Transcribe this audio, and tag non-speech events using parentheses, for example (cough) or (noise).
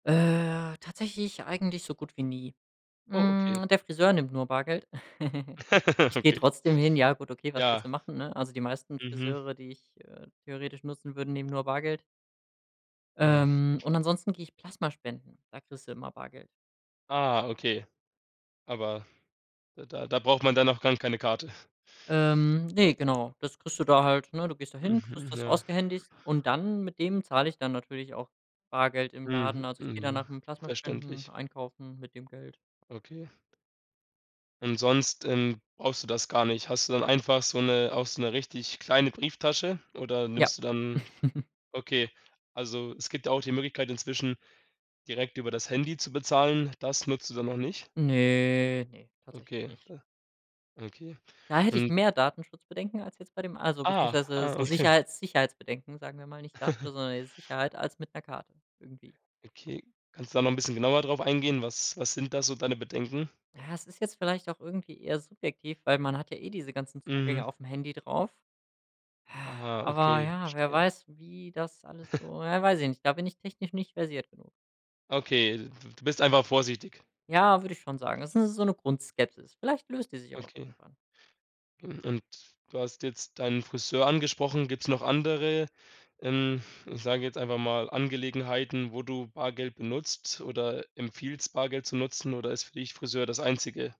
Äh, tatsächlich eigentlich so gut wie nie. Oh, okay. Hm, der Friseur nimmt nur Bargeld. (chuckles) (laughs) Ich gehe Okay. trotzdem hin, ja gut, okay, was willst du Ja. machen, ne? Also, die meisten Mhm. Friseure, die ich, äh, theoretisch nutzen würde, nehmen nur Bargeld. Ah. Ähm, und ansonsten gehe ich Plasmaspenden, da kriegst du immer Bargeld. Ah, okay. Aber da da braucht man dann auch gar keine Karte. (chuckles) Ähm, ne, genau, das kriegst du da halt, ne? Du gehst dahin, kriegst Mhm, das ja. ausgehändigt und dann, mit dem zahle ich dann natürlich auch Bargeld im Mhm, Laden. Also, ich gehe dann mhm, nach dem Plasma spenden verständlich. einkaufen mit dem Geld. Okay. Und sonst, ähm, brauchst du das gar nicht. Hast du dann einfach so 'ne auch so 'ne richtig kleine Brieftasche oder Ja. nimmst du dann (chuckles) okay, also es gibt ja auch die Möglichkeit inzwischen, direkt über das Handy zu bezahlen. Das nutzt du dann noch nicht? Ne, ne, tatsächlich Okay nicht. da okay. Da hätte ich Und mehr Datenschutzbedenken als jetzt bei dem also, Ah, beziehungsweise, ah so okay. Sicherheits Sicherheitsbedenken, sagen wir mal, nicht Datenschutz, (chuckles) sondern, äh, Sicherheit als mit 'ner Karte irgendwie. Okay, kannst du da noch 'n bisschen genauer drauf eingehen, was was sind da so deine Bedenken? Ja es ist jetzt vielleicht auch irgendwie eher subjektiv, weil man hat ja eh diese ganzen Zugänge Mhm. aufm Handy drauf. Ah, Aha, aber okay, ja, wer verstehe. weiß, wie das alles (chuckles) so ja, weiß ich nicht, da bin ich technisch nicht versiert genug. Okay, d d du bist einfach vorsichtig. Ja, würde ich schon sagen. Das ist so 'ne Grundskepsis. Vielleicht löst die sich aber auch Okay. irgendwann. Mhm, und du hast jetzt deinen Friseur angesprochen. Gibt's noch andere, ähm, ich sage jetzt einfach mal, Angelegenheiten, wo du Bargeld benutzt oder empfiehlst, Bargeld zu nutzen oder ist für dich Friseur das Einzige?